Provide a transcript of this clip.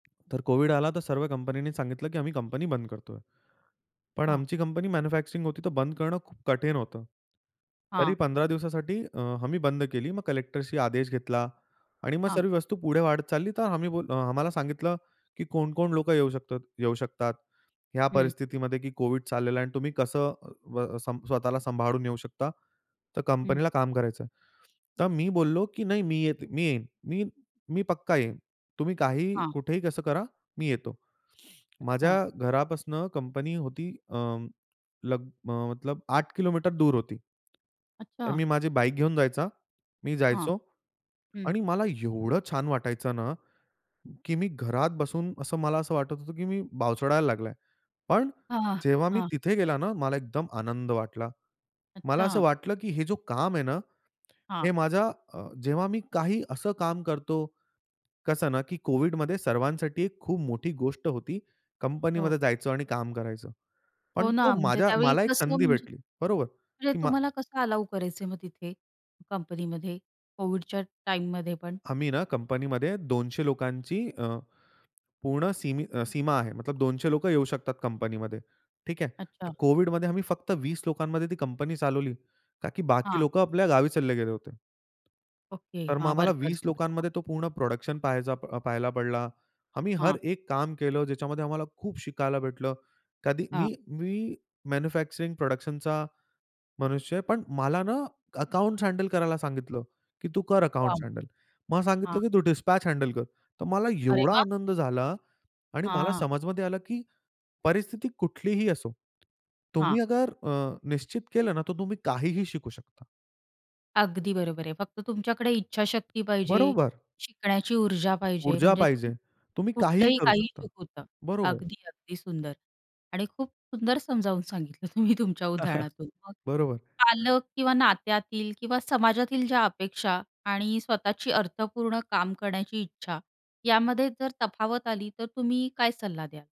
तर कोव्हिड आला तर सर्व कंपन्यांनी सांगितलं की आम्ही कंपनी बंद करतोय. पण हां. आमची कंपनी मॅन्युफॅक्चरिंग होती तर बंद करणं खूप कठीण होतं. तरी हां. 15 दिवसासाठी अ, आम्ही बंद केली. मग कलेक्टरचा आदेश घेतला आणि मग हां. सर्व वस्तू पुढे वाढत चालली तर आम्ही बोललो अ, आम्हाला सांगितलं की कोण-कोण लोकं येऊ शकतं येऊ शकतात ह्या हं. परिस्थितीमध्ये की कोव्हिड चाललेला आहे आणि तुम्ही कसं अ, अ, व स्वतःला सांभाळून येऊ शकता, तर हं. कंपनीला काम करायचं आहे. तर मी बोललो की नाही मी येत मी येईन. मी मी पक्का येईन. तुम्ही काहीही, हां. कुठेही, कसं करा मी येतो. माझ्या अच्छा. घरापासून कंपनी होती अ, लग अ, मतलब 8 किलोमीटर दूर होती. तर अच्छा. मी माझी बाईक घेऊन जायचा. मी हां, जायचो हं. आणि मला एवढं छान वाटायचं ना, की मी घरात बसून असं मला असं वाटत होतं की मी बावचळायला लागला. पण हां, हां, जेव्हा मी हां. तिथे गेला ना, मला एकदम आनंद वाटला. मला असं अच्छा. वाटलं की हे जो काम आहे ना, हे हां. माझ्या अ, जेव्हा मी काही असं काम करतो कसं ना, की कोव्हिडमध्ये सर्वांसाठी खूप मोठी गोष्ट होती हो. कंपनीमध्ये जायचं आणि काम करायचं. हो पण तो ना, म्हणजे माझ्या त्यावेळी मला एक कसं संधी म्हणजे भेटली बरोबर म्हणजे की मा तुम्हाला कसं अलाऊ करायचे मग तिथे, कंपनीमध्ये कोविडच्या टाईममध्ये पण? आम्ही ना कंपनीमध्ये 200 लोकांची अ, पूर्ण सीमी अ, सीमा आहे. मतलब 200 लोकं येऊ शकतात कंपनीमध्ये. ठीक आहे. अच्छा. तर कोव्हिडमध्ये आम्ही फक्त 20 लोकांमध्ये ती कंपनी चालवली. का की बाकी हां. लोकं आपल्या गावी चालले गेले होते. ओके, तर मग हां, आम्हाला वर्कर्स 20 वगैरे [unintelligible] हां. लोकांमध्ये तो पूर्ण प्रोडक्शन पहायचा पाहायला पडला. आम्ही हर हां. एक काम केलं ज्याच्यामध्ये आम्हाला खूप शिकायला भेटलं. कधी हां. मी मी मॅन्युफॅक्चरिंग प्रोडक्शनचा मनुष्य आहे. पण मला ना, अकाउंटस हँडल करायला सांगितलं की तू कर वाह! Accounts handle. मग सांगितलं हां. की तू डिस्पॅच हँडल कर. तर मला अरे एवढा वाह! आनंद झाला आणि मला हां. समझमध्ये आलं की परिस्थिती कुठलीही असो. तुम्ही हां. अगर अ, निश्चित केलं ना तर तुम्ही काहीही शिकू शकता. अगदी बरोबर आहे. फक्त तुमच्याकडे इच्छाशक्ती पाहिजे. बरोबर. शिकण्याची ऊर्जा पाहिजे. ऊर्जा म्हणजे तुम्ही पाहिजे. तुम्ही काहीही कुठलंही करू काही शकता, [unintelligible] बरोबर. अगदी-अगदी सुंदर आणि खूप सुंदर समजावून सांगितलं तुम्ही तुमच्या उदाहरणातून. मग बरोबर. पालक किंवा नात्यातील किंवा समाजातील ज्या अपेक्षा आणि स्वतःची अर्थपूर्ण काम करण्याची इच्छा यामध्ये जर तफावत आली, तर तुम्ही काय सल्ला द्याल?